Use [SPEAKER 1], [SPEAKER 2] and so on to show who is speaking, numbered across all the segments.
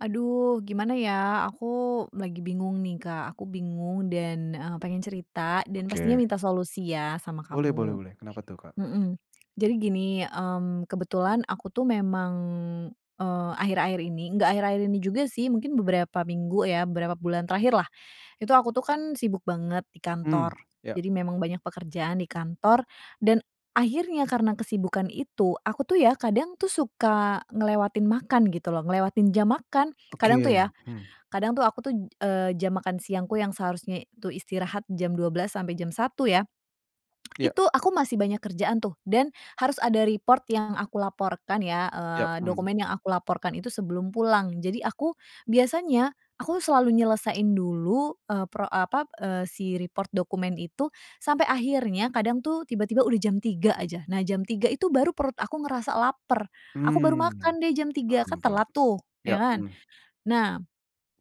[SPEAKER 1] Aduh gimana ya? Aku lagi bingung nih, Kak. Aku bingung dan, eee, pengen cerita dan pastinya
[SPEAKER 2] Oke.
[SPEAKER 1] minta solusi ya sama
[SPEAKER 2] Boleh boleh
[SPEAKER 1] kamu.
[SPEAKER 2] boleh. Kenapa tuh, Kak?
[SPEAKER 1] Mhm, jadi gini, mmm, kebetulan aku tuh memang, eee, akhir-akhir ini nggak akhir-akhir ini juga sih, mungkin beberapa minggu ya, beberapa bulan terakhirlah. Itu aku tuh kan sibuk banget di
[SPEAKER 2] Mmm,
[SPEAKER 1] kantor.
[SPEAKER 2] ya.
[SPEAKER 1] Jadi memang banyak pekerjaan di kantor dan akhirnya karena kesibukan itu aku tuh ya kadang tuh suka ngelewatin makan gitu loh. Ngelewatin jam makan. Kadang tuh
[SPEAKER 2] Oke,
[SPEAKER 1] ya
[SPEAKER 2] hmm.
[SPEAKER 1] kadang tuh aku tuh, eee, jam makan siangku yang seharusnya tuh istirahat jam 12.00 sampai jam 1.00 ya.
[SPEAKER 2] Iya.
[SPEAKER 1] Itu aku masih banyak kerjaan tuh dan harus ada report yang aku laporkan ya,
[SPEAKER 2] Ya,
[SPEAKER 1] eee,
[SPEAKER 2] mmm.
[SPEAKER 1] dokumen yang aku laporkan itu sebelum pulang. Jadi aku, biasanya aku selalu nyelesain dulu, eee, pro apa, eee, si report dokumen itu sampai akhirnya kadang tuh tiba-tiba udah jam 3.00 aja. Nah jam 3.00 itu baru perut aku ngerasa laper. Aku baru
[SPEAKER 2] Mmm,
[SPEAKER 1] makan deh jam 3.00 kan
[SPEAKER 2] paham paham.
[SPEAKER 1] telat tuh, ya
[SPEAKER 2] Ya,
[SPEAKER 1] kan?
[SPEAKER 2] mmm.
[SPEAKER 1] Nah,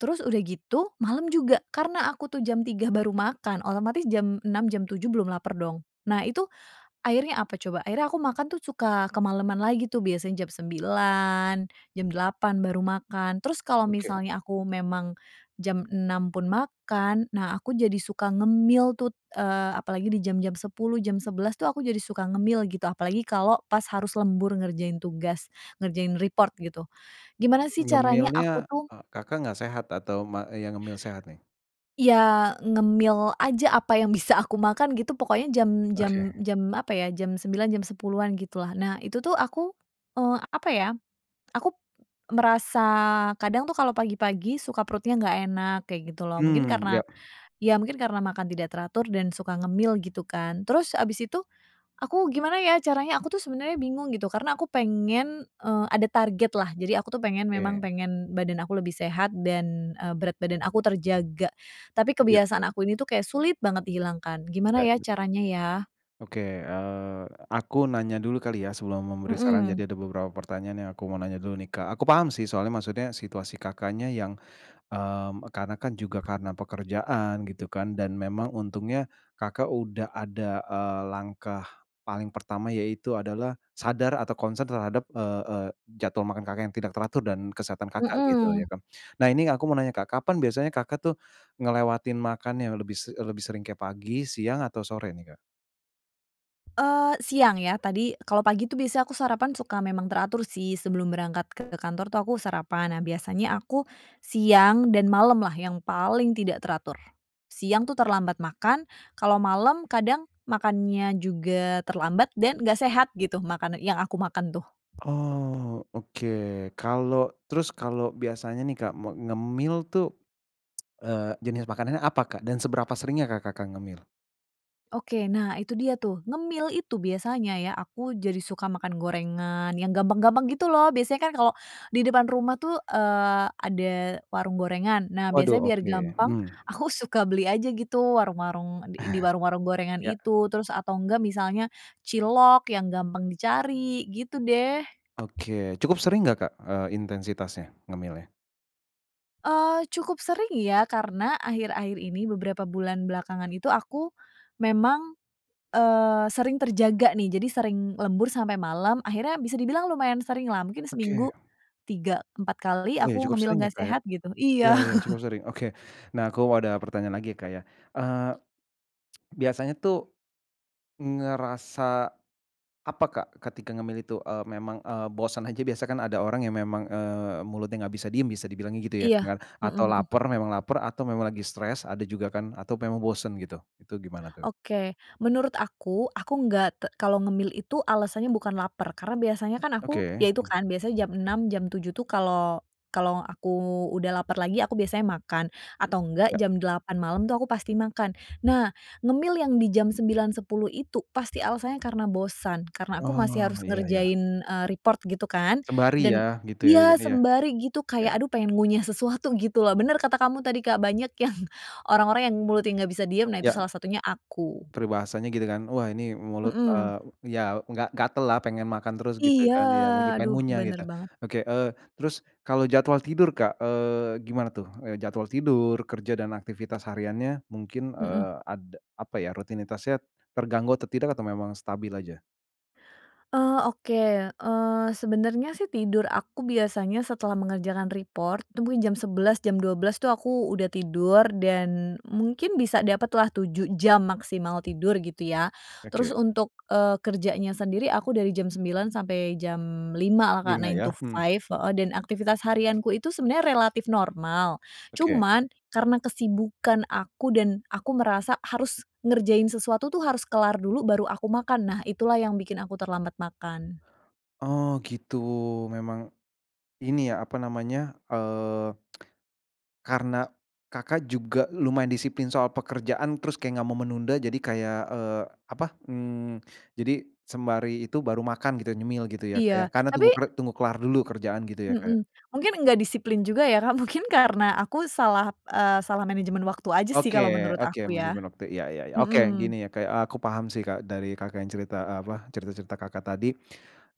[SPEAKER 1] terus udah gitu malem juga, karena aku tuh jam 3.00 baru makan otomatis jam 6.00, jam 7.00 belum laper dong. Nah itu, akhirnya apa coba? Akhirnya aku makan tuh suka kemaleman lagi tuh biasanya jam 9.00, jam 8.00 baru makan. Terus kalau
[SPEAKER 2] Oke.
[SPEAKER 1] misalnya aku memang jam 6.00 pun makan, nah aku jadi suka ngemil tuh, eee, apalagi di jam-jam 10.00, jam 11.00 itu aku jadi suka ngemil gitu. Apalagi kalau pas harus lembur ngerjain tugas, ngerjain report gitu. Gimana sih caranya aku
[SPEAKER 2] Ngemilnya,
[SPEAKER 1] tuh
[SPEAKER 2] eee, Kakak nggak sehat atau ma yang ngemil sehat nih?
[SPEAKER 1] Ya ngemil aja apa yang bisa aku makan gitu, pokoknya jam
[SPEAKER 2] Oke.
[SPEAKER 1] jam jam apa ya jam 9.00, jam 10.00-an gitulah. Nah itu tuh aku, eee, apa ya, aku merasa kadang tuh kalau pagi-pagi suka perutnya nggak enak kayak gitu loh. Mungkin
[SPEAKER 2] Mmm, ya.
[SPEAKER 1] karena ya mungkin karena makan tidak teratur dan suka ngemil gitu kan. Terus habis itu aku gimana ya caranya aku tuh sebenernya bingung gitu karena aku pengen, eee, ada targetlah. Jadi aku tuh pengen, memang
[SPEAKER 2] Oke.
[SPEAKER 1] pengen badan aku lebih sehat dan, eee, berat badan aku terjaga. Tapi
[SPEAKER 2] Iya.
[SPEAKER 1] kebiasaan aku ini tuh kayak sulit banget dihilangkan. Gimana
[SPEAKER 2] Ya.
[SPEAKER 1] ya caranya ya?
[SPEAKER 2] Oke, eee, aku nanya dulu kali ya, sebelum memberi saran.
[SPEAKER 1] Mhm.
[SPEAKER 2] Jadi ada beberapa pertanyaan yang aku mau nanya dulu nih, Kak. Aku paham sih soalnya maksudnya situasi Kakaknya yang, mmm, e karena kan juga karena pekerjaan gitu kan, dan memang untungnya Kakak udah ada, eee, langkah paling pertama yaitu adalah sadar atau concern terhadap, eee eee, jadwal makan Kakak yang tidak teratur dan kesehatan Kakak gitu, ya
[SPEAKER 1] Mhm.
[SPEAKER 2] kan. Nah ini aku mau nanya, Kak, kapan biasanya Kakak tuh ngelewatin makan yang lebih se e lebih sering kayak pagi, siang, atau sore nih, Kak?
[SPEAKER 1] Eee, siang ya, tadi, kalau pagi itu biasanya aku sarapan memang teratur sih, sebelum berangkat ke kantor tuh aku sarapan. Nah, biasanya aku siang dan malam lah, yang paling tidak teratur. Siang itu terlambat makan. Kalau malem kadang makannya juga terlambat dan nggak sehat gitu, makanan yang aku makan tuh.
[SPEAKER 2] Oh, oke. Kalau terus kalau biasanya nih, Kak, me ngemil tuh, eee, jenis makanannya apa Kak, dan seberapa seringnya Kak, Kakak ngemil?
[SPEAKER 1] Oke. Nah itu dia tuh, ngemil itu biasanya ya, aku jadi suka makan gorengan, yang gampang-gampang gitu loh. Biasanya kan kalau di depan rumah itu, eee, ada warung gorengan. Nah,
[SPEAKER 2] Waduh,
[SPEAKER 1] biasanya biar
[SPEAKER 2] oke.
[SPEAKER 1] gampang,
[SPEAKER 2] Mhm.
[SPEAKER 1] aku suka beli aja gitu, warung-warung di i di warung-warung gorengan
[SPEAKER 2] Ya.
[SPEAKER 1] itu, terus atau enggak misalnya cilok yang gampang dicari, gitu deh.
[SPEAKER 2] Oke, cukup sering enggak, Kak, eee, intensitasnya, ngemilnya?
[SPEAKER 1] Eee, cukup sering ya karena akhir-akhir ini beberapa bulan belakangan itu aku, memang, eee, sering terjaga nih jadi sering lembur sampai malam akhirnya bisa dibilang lumayan sering lah mungkin seminggu,
[SPEAKER 2] Oke.
[SPEAKER 1] 3, 4 kali
[SPEAKER 2] Oh iya
[SPEAKER 1] aku
[SPEAKER 2] cukup
[SPEAKER 1] ngemil
[SPEAKER 2] sering ya
[SPEAKER 1] nggak
[SPEAKER 2] Kak ya,
[SPEAKER 1] sehat gitu
[SPEAKER 2] iya
[SPEAKER 1] iya.
[SPEAKER 2] iya cukup sering oke, nah aku ada pertanyaan lagi ya Kak ya, eee, biasanya tuh, ngerasa, apa Kak ketika ngemil itu, eee, memang, eee, bosen aja biasa kan ada orang yang memang, eee, mulutnya enggak bisa diem bisa dibilangnya gitu ya?
[SPEAKER 1] Iya,
[SPEAKER 2] Kenger
[SPEAKER 1] mhm
[SPEAKER 2] atau
[SPEAKER 1] mhm.
[SPEAKER 2] lapar memang lapar atau memang lagi stres ada juga kan? Atau memang bosen gitu itu gimana tuh?
[SPEAKER 1] Oke menurut aku aku nggak t kalau ngemil itu alasannya bukan laper karena biasanya kan aku
[SPEAKER 2] Oke.
[SPEAKER 1] ya itu
[SPEAKER 2] Mmm.
[SPEAKER 1] kan biasanya jam 6.00 jam 7.00 tuh kalau kalau aku udah laper lagi aku biasanya makan, atau enggak
[SPEAKER 2] Iya.
[SPEAKER 1] jam 8 malam tuh aku pasti makan nah ngemil yang di jam 9.00, 10.00 itu pasti alasannya karena bosan karena aku masih
[SPEAKER 2] Oh
[SPEAKER 1] harus
[SPEAKER 2] iya iya.
[SPEAKER 1] ngerjain, eee, report gitu kan
[SPEAKER 2] Sembari ya
[SPEAKER 1] dan,
[SPEAKER 2] gitu ya
[SPEAKER 1] iya
[SPEAKER 2] iya.
[SPEAKER 1] sembari gitu kayak
[SPEAKER 2] Oke.
[SPEAKER 1] aduh pengen ngunyah sesuatu gitu loh bener kata kamu tadi Kak banyak yang, orang-orang yang mulutnya nggak bisa diem nah itu
[SPEAKER 2] Iya.
[SPEAKER 1] salah satunya aku.
[SPEAKER 2] Peribahasanya gitu kan? Wah ini mulut,
[SPEAKER 1] Mhm.
[SPEAKER 2] eee, ya enggak gatal lah pengen makan terus gitu
[SPEAKER 1] Iya
[SPEAKER 2] kan ya lagi pengen
[SPEAKER 1] aduh
[SPEAKER 2] ngunyah
[SPEAKER 1] bener
[SPEAKER 2] gitu,
[SPEAKER 1] banget.
[SPEAKER 2] oke, eee, terus kalau jadwal tidur Kak, eee, gimana tuh? Eee, jadwal tidur, kerja dan aktivitas hariannya mungkin,
[SPEAKER 1] Mhm.
[SPEAKER 2] eee, ada apa ya rutinitasnya, terganggu atau tidak atau memang stabil aja?
[SPEAKER 1] Oh, oke, eee, sebenernya sih tidur aku biasanya setelah mengerjakan report itu mungkin jam 11.00 jam 12.00 itu aku udah tidur dan mungkin bisa dapet lah 7 jam maksimal tidur gitu ya. Terus
[SPEAKER 2] Oke.
[SPEAKER 1] untuk, eee, kerjanya sendiri aku dari jam 9.00 sampai jam 5.00 lah Kak,
[SPEAKER 2] 5
[SPEAKER 1] 9 to
[SPEAKER 2] ya, mhm.
[SPEAKER 1] 5, heeh, dan aktivitas harianku itu sebenernya relatif normal.
[SPEAKER 2] Oke.
[SPEAKER 1] Cuman karena kesibukan aku dan aku merasa harus ngerjain sesuatu itu harus kelar dulu baru aku makan. Nah, itulah yang bikin aku terlambat makan.
[SPEAKER 2] Oh, gitu. Memang ini ya apa namanya, eee, karena, Kakak, juga lumayan disiplin soal pekerjaan terus kayak enggak mau menunda. Jadi kayak, eee, apa, mmm, jadi sembari itu baru makan gitu, nyemil gitu ya,
[SPEAKER 1] Iya,
[SPEAKER 2] karena tunggu
[SPEAKER 1] tapi
[SPEAKER 2] tunggu kelar dulu kerjaan gitu ya, Kak.
[SPEAKER 1] Mhm, mungkin gak disiplin juga ya, Kak. Mungkin karena aku salah, eee, salah manajemen waktu aja sih kalau
[SPEAKER 2] Oke
[SPEAKER 1] menurut
[SPEAKER 2] oke
[SPEAKER 1] aku, ya.
[SPEAKER 2] manajemen waktu iya iya iya, oke
[SPEAKER 1] Mhm.
[SPEAKER 2] gini ya, aku paham sih, Kak, dari, Kakak, yang cerita, eee, apa cerita-cerita, Kakak, tadi.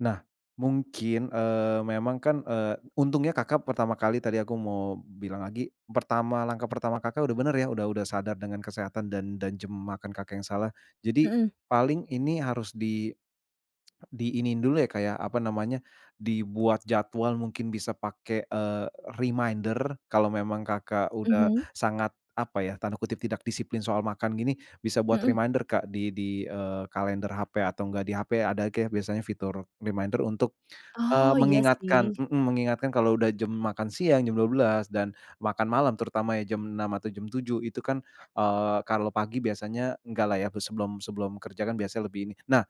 [SPEAKER 2] Nah, mungkin, eee, memang kan, eee, untungnya, Kakak, pertama kali tadi aku mau bilang lagi, pertama langkah pertama, Kakak, udah bener ya. Udah udah sadar dengan kesehatan dan dan jam makan, Kakak, yang salah. Jadi
[SPEAKER 1] Mhm.
[SPEAKER 2] paling ini harus di diiniin dulu ya, Kak, ya, apa namanya, dibuat jadwal mungkin bisa pake, eee, reminder. Kalau memang, Kakak, udah
[SPEAKER 1] Mhm.
[SPEAKER 2] sangat apa ya, tanda kutip "tidak disiplin soal makan" gini, bisa buat
[SPEAKER 1] Mhm.
[SPEAKER 2] reminder, Kak di di, eee, kalender HP atau enggak di HP ada kayak biasanya fitur reminder untuk, eee,
[SPEAKER 1] Oh, iya sih.
[SPEAKER 2] mengingatkan mhm, mengingatkan kalau udah jam makan siang, jam 12.00 dan makan malam terutama ya jam 6.00 atau jam 7.00. Itu kan, eee, kalau pagi biasanya enggak lah ya, sebelum sebelum kerja kan biasanya lebih ini. Nah,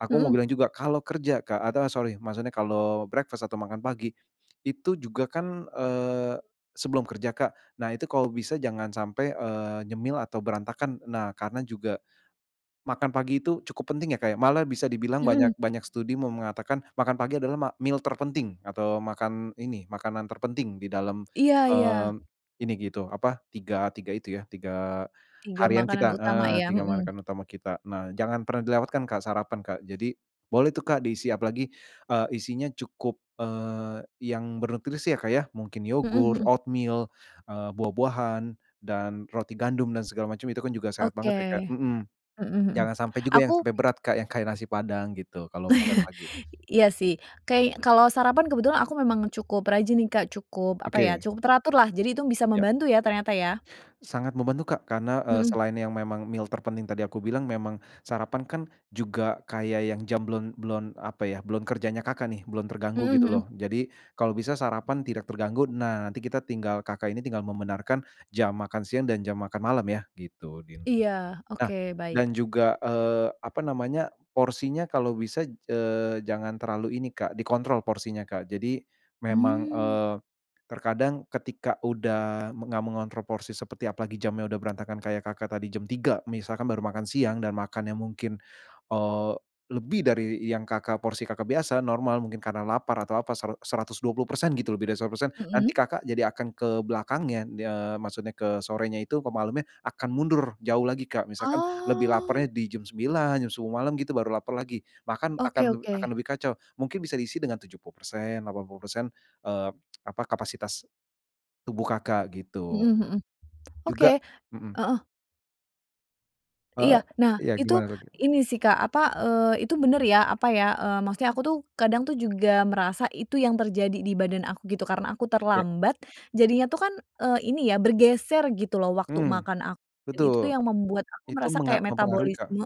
[SPEAKER 2] aku mau
[SPEAKER 1] Mhm.
[SPEAKER 2] bilang juga kalau kerja, Kak, atau, eee, sorry maksudnya kalau breakfast atau makan pagi itu juga kan, eee, sebelum kerja, Kak. Nah itu kalau bisa jangan sampai, eee, nyemil atau berantakan. Nah karena juga makan pagi itu cukup penting ya, Kak. Malah bisa dibilang banyak
[SPEAKER 1] Mhm.
[SPEAKER 2] banyak studi mau mengatakan makan pagi adalah ma meal terpenting atau makan ini makanan terpenting di dalam,
[SPEAKER 1] Iya iya.
[SPEAKER 2] eee, ini gitu apa tiga tiga itu ya, 3
[SPEAKER 1] 3
[SPEAKER 2] harian
[SPEAKER 1] makanan
[SPEAKER 2] kita,
[SPEAKER 1] utama
[SPEAKER 2] heeh,
[SPEAKER 1] ya,
[SPEAKER 2] tiga
[SPEAKER 1] mhm.
[SPEAKER 2] makan utama kita. Nah jangan pernah dilewatkan, Kak, sarapan, Kak. Jadi boleh tuh, Kak, diisi apalagi, eee, isinya cukup, eee, yang bernutrisi ya, Kak, ya. Mungkin
[SPEAKER 1] Mhm,
[SPEAKER 2] yogurt,
[SPEAKER 1] mhm.
[SPEAKER 2] oatmeal, eee, buah-buahan, dan roti gandum, dan segala macem itu kan juga sehat banget
[SPEAKER 1] Oke,
[SPEAKER 2] ya, Kak, mhm.
[SPEAKER 1] mhm, mhm.
[SPEAKER 2] Jangan sampai juga yang
[SPEAKER 1] Aku
[SPEAKER 2] sampai berat, Kak, yang kayak nasi Padang gitu kalau makan pagi.
[SPEAKER 1] iya sih, kayak kalau sarapan kebetulan aku memang cukup rajin nih, Kak. Cukup, apa ya
[SPEAKER 2] Oke.
[SPEAKER 1] cukup teratur lah. Jadi itu bisa
[SPEAKER 2] Ya.
[SPEAKER 1] membantu ya ternyata ya.
[SPEAKER 2] Sangat membantu, Kak, karena, eee,
[SPEAKER 1] Mhm.
[SPEAKER 2] selain yang memang meal terpenting tadi aku bilang, memang sarapan kan juga kayak yang jam belum belum apa ya, belum kerjanya, Kakak, nih, belum
[SPEAKER 1] Mhm,
[SPEAKER 2] terganggu gitu
[SPEAKER 1] mhm.
[SPEAKER 2] loh. Jadi kalau bisa sarapan tidak terganggu. Nah, nanti kita tinggal Kakak, ini tinggal membenarkan jam makan siang dan jam makan malam ya, gitu, nih.
[SPEAKER 1] Iya,
[SPEAKER 2] Nah,
[SPEAKER 1] oke baik.
[SPEAKER 2] dan juga, eee, apa namanya, porsinya kalau bisa, eee, jangan terlalu ini, Kak, dikontrol porsinya, Kak. Jadi memang,
[SPEAKER 1] Hmm.
[SPEAKER 2] eee, terkadang ketika udah enggak mengontrol porsi seperti apalagi jamnya udah berantakan kayak, Kakak, tadi jam 3.00 misalkan baru makan siang dan makannya mungkin, eee, lebih dari yang, Kakak porsi, Kakak, biasa normal, mungkin karena lapar atau apa sera seratus dua puluh persen gitu, lebih dari 100%, nanti,
[SPEAKER 1] Mhm.
[SPEAKER 2] Kakak, jadi akan ke belakangnya. Eee, maksudnya ke sorenya itu, kemalemnya akan mundur jauh lagi, Kak. Misalkan lebih
[SPEAKER 1] Oh.
[SPEAKER 2] lapernya di jam 9.00, jam 10.00 malem gitu baru laper lagi. Makan akan
[SPEAKER 1] Oke
[SPEAKER 2] akan
[SPEAKER 1] oke.
[SPEAKER 2] lebih kacau. Mungkin bisa diisi dengan 70%, 80%, eee, apa, kapasitas tubuh, Kakak, gitu.
[SPEAKER 1] Mhm, mhm.
[SPEAKER 2] Juga
[SPEAKER 1] Oke
[SPEAKER 2] mhm.
[SPEAKER 1] heeh. Iya,
[SPEAKER 2] Eee,
[SPEAKER 1] nah
[SPEAKER 2] iya
[SPEAKER 1] itu
[SPEAKER 2] gimana lagi?
[SPEAKER 1] ini sih Kak apa, eee, itu bener ya apa ya, eee, maksudnya aku tuh kadang tuh juga merasa itu yang terjadi di badan aku gitu karena aku
[SPEAKER 2] Ya.
[SPEAKER 1] terlambat, jadinya itu kan, eee, ini ya bergeser gitu loh waktu
[SPEAKER 2] Mmm,
[SPEAKER 1] makan aku itu
[SPEAKER 2] betul,
[SPEAKER 1] tuh yang membuat aku
[SPEAKER 2] itu
[SPEAKER 1] merasa
[SPEAKER 2] menga
[SPEAKER 1] kayak
[SPEAKER 2] mempengaruhi Kak,
[SPEAKER 1] metabolisme,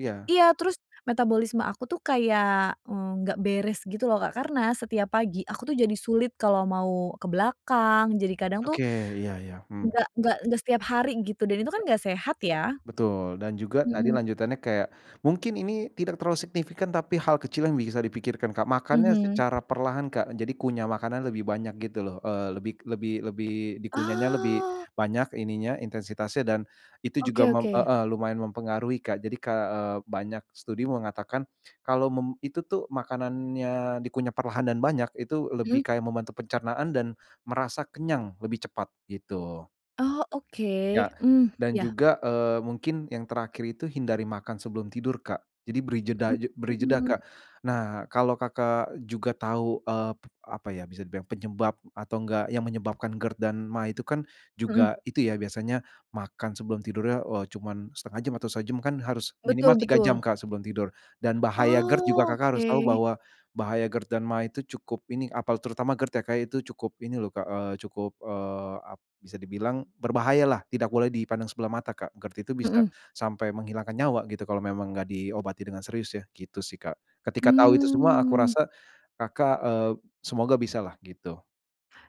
[SPEAKER 2] iya.
[SPEAKER 1] iya terus metabolisme aku tuh kayak nggak beres gitu loh Kak karena setiap pagi aku tuh jadi sulit kalau mau ke belakang jadi kadang tuh.
[SPEAKER 2] Oke iya iya, mhm.
[SPEAKER 1] Nggak nggak nggak setiap hari gitu dan itu kan
[SPEAKER 2] Iya.
[SPEAKER 1] nggak sehat ya,
[SPEAKER 2] Betul dan juga tadi
[SPEAKER 1] mhm.
[SPEAKER 2] lanjutannya kayak, mungkin ini tidak terlalu signifikan tapi hal kecil yang bisa dipikirkan Kak makannya
[SPEAKER 1] Mhm.
[SPEAKER 2] secara perlahan Kak jadi kunyah makanan lebih banyak gitu loh, eee, lebih lebih lebih di kunyahnya lebih
[SPEAKER 1] Oh.
[SPEAKER 2] banyak ininya intensitasnya dan, itu juga
[SPEAKER 1] Oke
[SPEAKER 2] mem
[SPEAKER 1] oke.
[SPEAKER 2] heeh, lumayan mempengaruhi Kak jadi Kak, eee, banyak studi mengatakan, kalau mem itu tuh makanannya dikunyah perlahan dan banyak itu lebih
[SPEAKER 1] Mhm.
[SPEAKER 2] kayak membantu pencernaan dan, merasa kenyang lebih cepat gitu.
[SPEAKER 1] Oh oke,
[SPEAKER 2] Ya,
[SPEAKER 1] mmm,
[SPEAKER 2] dan
[SPEAKER 1] ya.
[SPEAKER 2] juga, eee, mungkin yang terakhir itu hindari makan sebelum tidur Kak, jadi beri jeda aj beri
[SPEAKER 1] Mhm
[SPEAKER 2] jeda
[SPEAKER 1] mhm.
[SPEAKER 2] Kak, nah kalau Kakak juga tahu, eee, apa ya bisa dibilang penyebab atau enggak yang menyebabkan GERD dan maag itu kan
[SPEAKER 1] Mhm.
[SPEAKER 2] juga itu ya biasanya makan sebelum tidurnya, eee, cuman 1/2 jam atau sejam kan harus minimal
[SPEAKER 1] Betul
[SPEAKER 2] 3 jam
[SPEAKER 1] betul.
[SPEAKER 2] Kak sebelum tidur dan bahaya GERD juga
[SPEAKER 1] Oh
[SPEAKER 2] Kakak harus tahu
[SPEAKER 1] oke.
[SPEAKER 2] bahwa, bahaya GERD dan maag itu cukup ini apa terutama GERD ya Kak itu cukup ini loh Kak, eee, cukup, eee, ap bisa dibilang berbahayalah tidak boleh dipandang sebelah mata Kak GERD itu bisa,
[SPEAKER 1] Mhm.
[SPEAKER 2] sampai menghilangkan nyawa gitu kalau memang enggak diobati dengan serius ya gitu sih Kak ketika tahu itu semua aku
[SPEAKER 1] Mmm.
[SPEAKER 2] rasa, Kakak, eee, semoga bisalah gitu.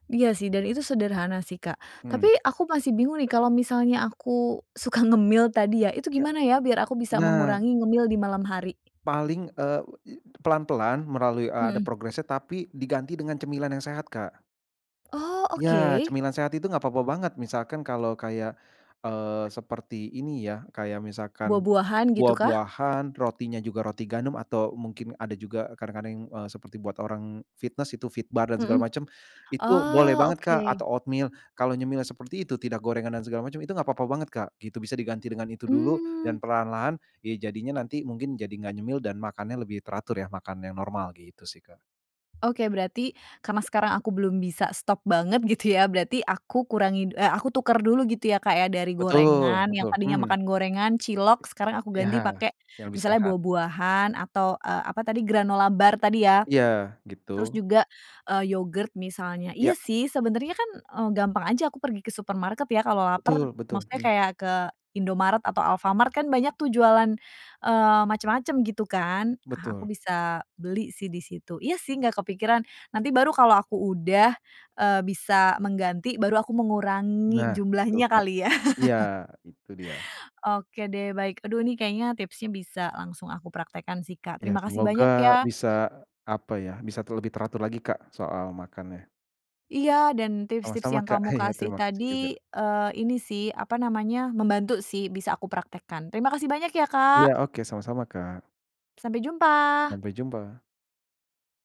[SPEAKER 1] Iya sih, dan itu sederhana sih, Kak.
[SPEAKER 2] Hmm.
[SPEAKER 1] Tapi aku masih bingung nih, kalau misalnya aku suka ngemil tadi ya? Itu
[SPEAKER 2] Ya,
[SPEAKER 1] gimana ya, biar aku bisa
[SPEAKER 2] nah!
[SPEAKER 1] mengurangi ngemil di malam hari?
[SPEAKER 2] Paling, eee, pelan-pelan, melalui, eee, ada
[SPEAKER 1] Mhm.
[SPEAKER 2] progresnya, tapi diganti dengan cemilan yang sehat, Kak.
[SPEAKER 1] Oh!
[SPEAKER 2] Ya,
[SPEAKER 1] oke.
[SPEAKER 2] cemilan sehat itu enggak apa-apa banget. Misalkan kalau kayak, eee, seperti ini ya, k ayak misalkan
[SPEAKER 1] Buah-buahan, gitu kah?
[SPEAKER 2] buah-buahan, rotinya juga roti gandum, atau mungkin ada juga kadang-kadang, eee, seperti buat orang fitness. Itu Fitbar dan segala
[SPEAKER 1] Mhm.
[SPEAKER 2] macem. Itu boleh
[SPEAKER 1] Oh,
[SPEAKER 2] banget, Kak,
[SPEAKER 1] Oke.
[SPEAKER 2] atau oatmeal. Kalau nyemil seperti itu tidak gorengan dan segala macem, itu enggak apa-apa banget, Kak. Itu bisa diganti dengan itu dulu,
[SPEAKER 1] Mmm.
[SPEAKER 2] dan perlahan-lahan, ya jadinya nanti mungkin jadi nggak nyemil, dan makannya lebih teratur ya, makan yang normal. Gitu sih, Kak.
[SPEAKER 1] Oke berarti, karena sekarang aku belum bisa stop banget, gitu ya? Berarti aku kurangi, eh, aku tuker dulu gitu ya, Kak, ya? Dari
[SPEAKER 2] Betul
[SPEAKER 1] gorengan, yang
[SPEAKER 2] betul,
[SPEAKER 1] tadinya
[SPEAKER 2] mhm.
[SPEAKER 1] makan gorengan, cilok. Sekarang aku
[SPEAKER 2] Iya,
[SPEAKER 1] ganti pakai,
[SPEAKER 2] yang lebih
[SPEAKER 1] misalnya
[SPEAKER 2] sehat.
[SPEAKER 1] buah-buahan, atau, eee, apa tadi, granola bar tadi ya?
[SPEAKER 2] Iya,
[SPEAKER 1] Terus
[SPEAKER 2] gitu.
[SPEAKER 1] juga, eee, yogurt misalnya. Iya
[SPEAKER 2] Iya.
[SPEAKER 1] sih, sebenernya kan, eee, gampang aja aku pergi ke supermarket ya? Kalau
[SPEAKER 2] Betul
[SPEAKER 1] laper,
[SPEAKER 2] betul,
[SPEAKER 1] maksudnya
[SPEAKER 2] mhm.
[SPEAKER 1] kayak ke Indomaret atau Alfamart kan banyak tuh, jualan, eee, macam-macam gitu kan? Ah, aku
[SPEAKER 2] Betul.
[SPEAKER 1] bisa beli sih, disitu. Iya sih nggak kepikiran. Nanti baru kalau aku udah, eee, bisa mengganti, baru aku mengurangi
[SPEAKER 2] Nah, betul,
[SPEAKER 1] jumlahnya,
[SPEAKER 2] Kak.
[SPEAKER 1] kali ya?
[SPEAKER 2] Iya, itu dia.
[SPEAKER 1] Oke deh, baik. Aduh ini kayaknya tipsnya bisa langsung aku praktekkan sih, Kak.
[SPEAKER 2] Iya,
[SPEAKER 1] Terima kasih
[SPEAKER 2] semoga
[SPEAKER 1] banyak, ya.
[SPEAKER 2] bisa, apa ya, bisa ter lebih teratur lagi, Kak. Soal makannya.
[SPEAKER 1] Iya! Dan tips-tips
[SPEAKER 2] Sama-sama,
[SPEAKER 1] yang
[SPEAKER 2] Kak.
[SPEAKER 1] kamu
[SPEAKER 2] Iya,
[SPEAKER 1] kasih
[SPEAKER 2] terima kasih juga.
[SPEAKER 1] tadi, eee, ini sih apa namanya? Membantu sih, bisa aku praktekkan. Terima kasih banyak ya,
[SPEAKER 2] Iya,
[SPEAKER 1] Kak.
[SPEAKER 2] oke sama-sama, Kak.
[SPEAKER 1] Sampai jumpa!
[SPEAKER 2] Sampai jumpa.